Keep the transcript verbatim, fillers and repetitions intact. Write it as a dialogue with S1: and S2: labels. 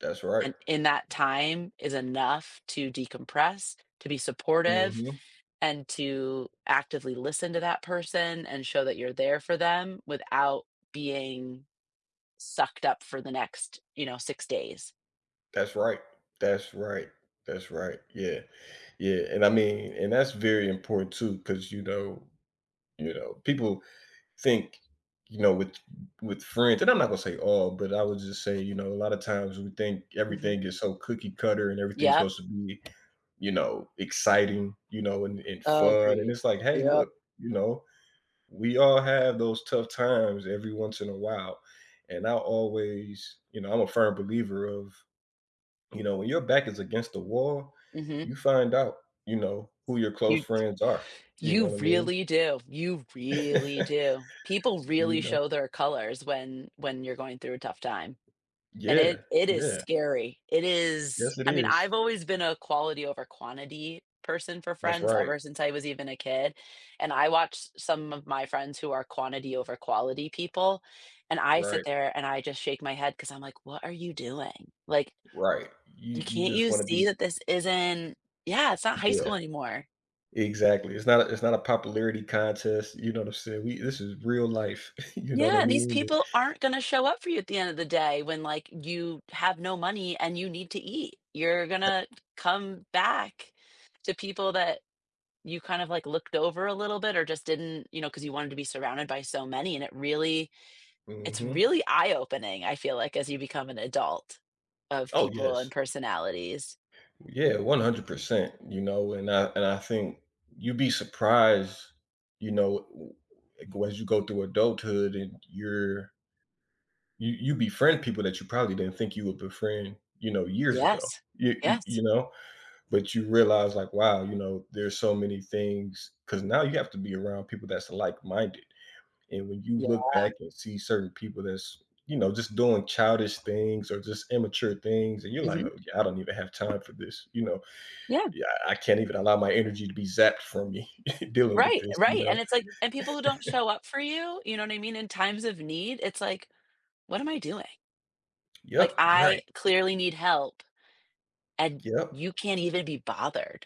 S1: That's right.
S2: And in that time is enough to decompress, to be supportive,
S1: Mhm.
S2: and to actively listen to that person and show that you're there for them without being sucked up for the next, you know, six days.
S1: That's right. That's right. That's right. Yeah, yeah, and I mean and that's very important too 'cause, you know, you know, people think, you know, with, with friends, and I'm not gonna say all, but I would just say, you know, a lotta times we think
S2: Mhm.
S1: everything is so cookie-cutter and everything's
S2: Yep.
S1: supposed to be, you know, exciting, you know, and, and fun, and
S2: Agreed,
S1: it's, like, "Hey,
S2: yep.
S1: look, you know, we all have those tough times every once in a while" and I always you know, I'm a firm believer of, you know, "When your back is against the wall,
S2: Mhm.
S1: you find out, you know, who your close
S2: You,
S1: friends are," you
S2: you
S1: know what I mean?
S2: really do. You really do. People
S1: You
S2: really
S1: know.
S2: show their colors when, when you're going through a tough time. And it
S1: Yeah,
S2: it is
S1: yeah
S2: scary. It is
S1: Yes, it
S2: I mean,
S1: is.
S2: I've always been a quality over quantity person for
S1: That's
S2: friends
S1: right.
S2: ever since I was even a kid, and I watched some of my friends who are quantity over quality people, and I sit
S1: Right.
S2: there and I just shake my head 'cause I'm, like, what are you doing? Like
S1: Right, you
S2: you
S1: you
S2: can't
S1: just
S2: you
S1: wanna
S2: see
S1: be
S2: that this isn't yeah, it's not high school
S1: Yeah.
S2: anymore.
S1: Exactly, it's not a it's not a popularity contest, you know what I'm saying, we this is real life, you know, what I
S2: Yeah, these
S1: mean but
S2: people aren't gonna show up for you at the end of the day when, like, you have no money and you need to eat. You're gonna come back to people that you kind of, like, looked over a little bit or just didn't you know, 'cause you wanted to be surrounded by so many, and it really it's
S1: Mhm.
S2: really eye-opening, I feel like, as you become an adult of
S1: Oh,
S2: people and
S1: yes.
S2: personalities.
S1: Yeah, one hundred percent, you know, and I, and I think you'd be surprised, you know, w as you w go as you go through adulthood and you're You you befriend people that you probably didn't think you would befriend, you know, years ago.
S2: Yes,
S1: You you
S2: yes.
S1: you know? But you realize, like, "Wow, you know, there's so many things" 'cause now you have to be around people that's, like-minded and when you look
S2: Yeah.
S1: back and see certain people that's, you know, just doing childish things or just immature things and you're, like,
S2: Mhm.
S1: "Oh I don't even have time for this, you know?
S2: Yeah.
S1: "Yeah I can't even allow my energy to be zapped from me dealing with
S2: Right,
S1: this, you
S2: right,
S1: know".
S2: and it's, like and people who don't show up for you, you know what I mean, in times of need, it's, like, what am I doing? Like
S1: Yep, right.
S2: I clearly need help, and
S1: Yep.
S2: you can't even be bothered.